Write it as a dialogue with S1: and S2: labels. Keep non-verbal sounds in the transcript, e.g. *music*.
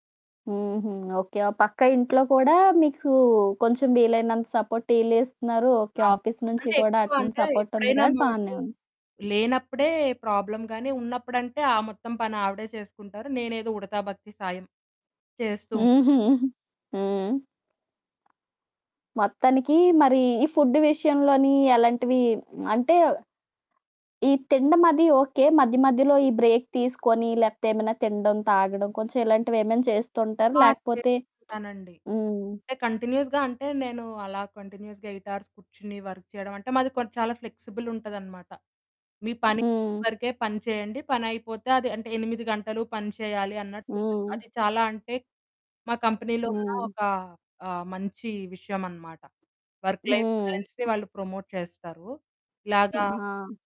S1: హుహు. ఓకే. ఆ పక్క ఇంట్లో కూడా మీకు కొంచెం వీలైనంత సపోర్ట్ ఈళ్ళు ఇస్తున్నారు. ఓకే.
S2: అవును.
S1: ఆఫీస్ నుంచి
S2: అంటే
S1: కూడా అటు
S2: ఎక్కువగా
S1: నుంచి
S2: అంటే
S1: సపోర్ట్ ఉంది
S2: ఎప్పుడైనా
S1: కాబట్టి
S2: మా మమ్మీ
S1: బానేవుంది.
S2: లేనప్పుడే ప్రాబ్లమ్ గాని ఉన్నప్పుడంటే ఆ మొత్తం పని ఆవిడే చేసుకుంటారు. నేనేదో ఉడతా భక్తి సాయం చేస్తూ ఉంటా.
S1: హుహు. *chuckles* హ్మ్. మొత్తానికి మరి ఈ ఫుడ్ విషయంలోని ఎలాంటివి అంటే ఈ తినడం అది ఓకే. మధ్య మధ్యలో ఈ బ్రేక్ తీసుకొని లేకపోతే ఏమైనా తినడం, తాగడం కొంచెం ఇలాంటివి ఏమైనా చేస్తూంటారా?
S2: ఆ!
S1: లేకపోతే
S2: చేస్తుంటానండి.
S1: *smacks lips* హ్మ్.
S2: అంటే కంటిన్యూయస్‌గా అంటే నేను అలా కంటిన్యూయస్‌గా 8 ఆర్స్ కూర్చొని వర్క్ చేయడం అంటే మాది కొం చాలా ఫ్లెక్సిబుల్ ఉంటదనమాట. మీ పని
S1: హ్మ్.
S2: వరకే పని చేయండి. పని అయిపోతే అది అంటే 8 గంటలు పని చేయాలి అన్నట్టు ఉండదు.
S1: హ్మ్.
S2: అది చాలా అంటే మా కంపెనీలో ఉన్న
S1: హ్మ్.
S2: ఒక ఆహ్, మంచి విషయం అనమాట. వర్క్ లైఫ్
S1: హ్మ్.
S2: బ్యాలెన్స్‌ని వాళ్ళు ప్రమోట్ చేస్తారు. ఇలాగా
S1: ఆ!